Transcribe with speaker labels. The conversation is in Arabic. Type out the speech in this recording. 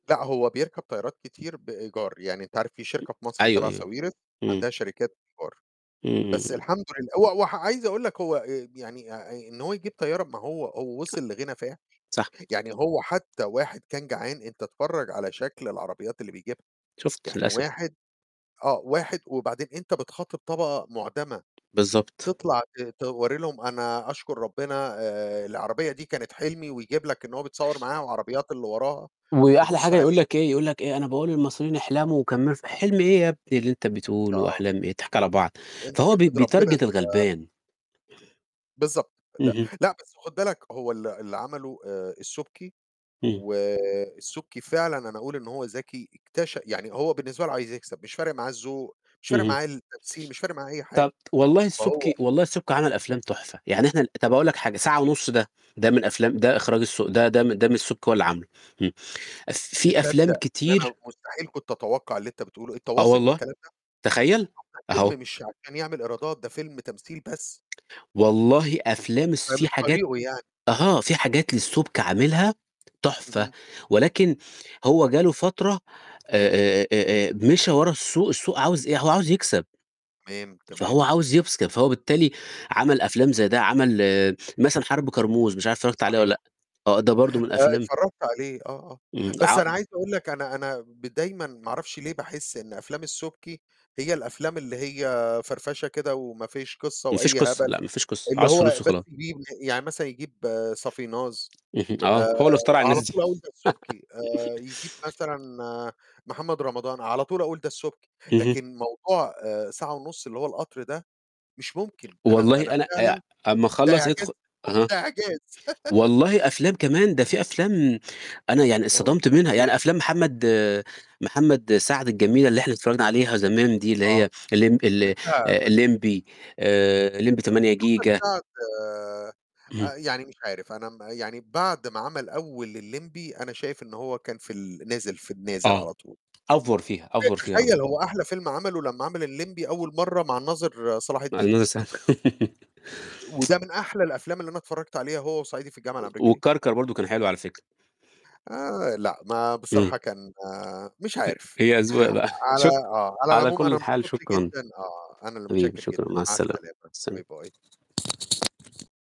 Speaker 1: لأ، هو بيركَب طيّارات كتير بإيجار، يعني أنت عارف في شركة في مصر
Speaker 2: أيوه،
Speaker 1: تَبع
Speaker 2: أيوه.
Speaker 1: ساويرس
Speaker 2: إمم.
Speaker 1: عندها شركات إيجار،
Speaker 2: إمم، إمم،
Speaker 1: بس
Speaker 2: إمم.
Speaker 1: الحمد لله هو هو ح عايز أقول لك هو آآ ب يعني آآ آآ إن هو يجيب طيّارة ما هو هو وِصل لغنى فاحِش،
Speaker 2: صح.
Speaker 1: يعني هو حتى واحد كان جعان أنت اتفرّج على شكل العربيات اللي بيجيبها،
Speaker 2: شُفت
Speaker 1: يعني
Speaker 2: للأس
Speaker 1: واحد آه، واحد وبعدين أنت بتخاطِب طبقة مُعدَمة،
Speaker 2: بالضبط.
Speaker 1: تطلع ت توَرّي لهم أنا أشكُر ربنا، آآ العربية دي كانت حِلمي ويجيب لك إن هو بيتصوَّر معاها وعربيات اللي وراها
Speaker 2: وأحلى
Speaker 1: تبُص
Speaker 2: حاجة يقول
Speaker 1: عليه.
Speaker 2: لك إيه، يقول لك إيه، أنا باقول للمصريين احلَموا وكمّلوا ف حِلم إيه يا ابني اللي أنت بتقوله،
Speaker 1: آه.
Speaker 2: وأحلام إيه؟ إحنا هنضحَك على بعض.
Speaker 1: أنت
Speaker 2: فهو بي
Speaker 1: احمِد ربنا
Speaker 2: بيتارجت
Speaker 1: أنت
Speaker 2: الغَلبان.
Speaker 1: بالضبط. لأ،
Speaker 2: اهم.
Speaker 1: لأ، بس خُد بالك هو ال اللي عَمله آآ السُبكي
Speaker 2: إمم.
Speaker 1: والسُبكي فعلًا أنا أقول إن هو ذَكي، اكتش يعني هو بالنسبة له عايز يكسب، مش فارق معاه الذوق، مش فارق
Speaker 2: اهم.
Speaker 1: معاه التمثيل، مش فارق معاه أي حاجة.
Speaker 2: طَب والله
Speaker 1: فهو
Speaker 2: السُبكي والله السُبكي عَمل أفلام تُحفة، يعني إحنا ال طَب أقول لك حاجة، ساعة ونُص ده، ده من أفلام ده إخراج الس ده ده م ده من السُبكي هو اللي عامله إمم. أف في أفلام
Speaker 1: تصدق إن أنا
Speaker 2: كتير
Speaker 1: مستحيل كنت أتوقّع اللي أنت بتقوله، أنت
Speaker 2: آه،
Speaker 1: واثق من
Speaker 2: والله.
Speaker 1: الكلام ده؟!
Speaker 2: تخيّل!
Speaker 1: طَب ده
Speaker 2: أهو.
Speaker 1: فيلم مش عشان يعمل إيرادات، ده فيلم تمثيل بس.
Speaker 2: والله أفلام
Speaker 1: [unintelligible]
Speaker 2: الس في
Speaker 1: فمش
Speaker 2: حاجات
Speaker 1: طريقُه يعني.
Speaker 2: أها، في حاجات للسُبكي عاملها تُحفة
Speaker 1: اهم.
Speaker 2: ولكن هو جا له فترة
Speaker 1: تمام.
Speaker 2: آآ آآ آآ آآ مِشى ورا السوق، السوق عاوز إيه؟ هو عاوز يكسب.
Speaker 1: تمام،
Speaker 2: فهو
Speaker 1: تمام.
Speaker 2: عاوز يكسب، فهو بالتالي عَمل أفلام زي ده، عَمل مثلًا حَرب كرموز، مش عارف اتفرّجت عليه والّا
Speaker 1: صحيح.
Speaker 2: لأ. آه، ده برضه من
Speaker 1: آه
Speaker 2: أفلام
Speaker 1: اتفرّجت عليه، آه، آه.
Speaker 2: إمم،
Speaker 1: بس
Speaker 2: ع
Speaker 1: أنا عايز أقول لك أنا أنا ب دايمًا ما أعرفش ليه باحس إن أفلام السُبكي هي الأفلام اللي هي فَرفشة كده وما فيش قِصّة
Speaker 2: ما فيش
Speaker 1: وأي
Speaker 2: قصة.
Speaker 1: هبل،
Speaker 2: لأ، ما فيش قصة.
Speaker 1: اللي
Speaker 2: عاوز
Speaker 1: هو
Speaker 2: فلوس
Speaker 1: بس
Speaker 2: وخلاص.
Speaker 1: يجيب ل يعني مثلًا يجيب صافيناز
Speaker 2: اهم. آه،
Speaker 1: آآ
Speaker 2: هو اللي اخترع الناس
Speaker 1: على
Speaker 2: دي.
Speaker 1: طول أقول ده السُبكي، آآ يجيب مثلًا محمد رمضان، على طول أقول ده السُبكي.
Speaker 2: اهم.
Speaker 1: لكن موضوع آآ ساعة ونُص اللي هو القطر ده مش ممكن، أنا
Speaker 2: والله
Speaker 1: أنا
Speaker 2: أنا آآ
Speaker 1: فعلًا
Speaker 2: ع أمّا
Speaker 1: ده
Speaker 2: أخلّص
Speaker 1: إعجاز،
Speaker 2: ادخُل أها.
Speaker 1: ده إعجاز.
Speaker 2: والله أفلام كمان، ده في أفلام أنا يعني
Speaker 1: آه.
Speaker 2: اتصدَمت منها
Speaker 1: تمام.
Speaker 2: يعني أفلام محمد محمد سعد الجميلة اللي إحنا اتفرّجنا عليها زمان دي اللي
Speaker 1: آه.
Speaker 2: هي اللمْب ال آآ
Speaker 1: لأ، بس
Speaker 2: اللمْبي، آآ اللمْبي
Speaker 1: بس
Speaker 2: 8
Speaker 1: محمد
Speaker 2: جيجا.
Speaker 1: سعد
Speaker 2: اهم.
Speaker 1: آآ يعني مش عارف، أنا م يعني بعد ما عَمل أول اللمْبي أنا شايف إن هو كان في ال نازِل، في النازِل
Speaker 2: آه.
Speaker 1: على طول.
Speaker 2: أفوَر فيها، أفوَر فيها أوي.
Speaker 1: تخيّل هو أحلى فيلم عَمله لمّا عَمل اللمْبي أول مرّة مع الناظر صلاح
Speaker 2: مع
Speaker 1: الدين.
Speaker 2: الناظر صل
Speaker 1: وده من أحلى الأفلام اللي أنا اتفرّجت عليها هو وصعيدي في الجامعة
Speaker 2: و
Speaker 1: الأمريكية.
Speaker 2: وكَركَر برضه كان حلو على فكرة.
Speaker 1: آآ لأ، ما
Speaker 2: إمم. أ
Speaker 1: بصراحة كان مش عارف.
Speaker 2: هي أذواق بقى. شك
Speaker 1: على آه، على
Speaker 2: على
Speaker 1: العُموم أنا
Speaker 2: كل حال
Speaker 1: انبسطت
Speaker 2: شكرًا
Speaker 1: جدًا آه، أنا اللي
Speaker 2: حبيبي
Speaker 1: مُتشكّر
Speaker 2: شكرًا،
Speaker 1: جدًا،
Speaker 2: مع
Speaker 1: مع
Speaker 2: السلامة.
Speaker 1: السلامة،
Speaker 2: سلام.
Speaker 1: باي، باي.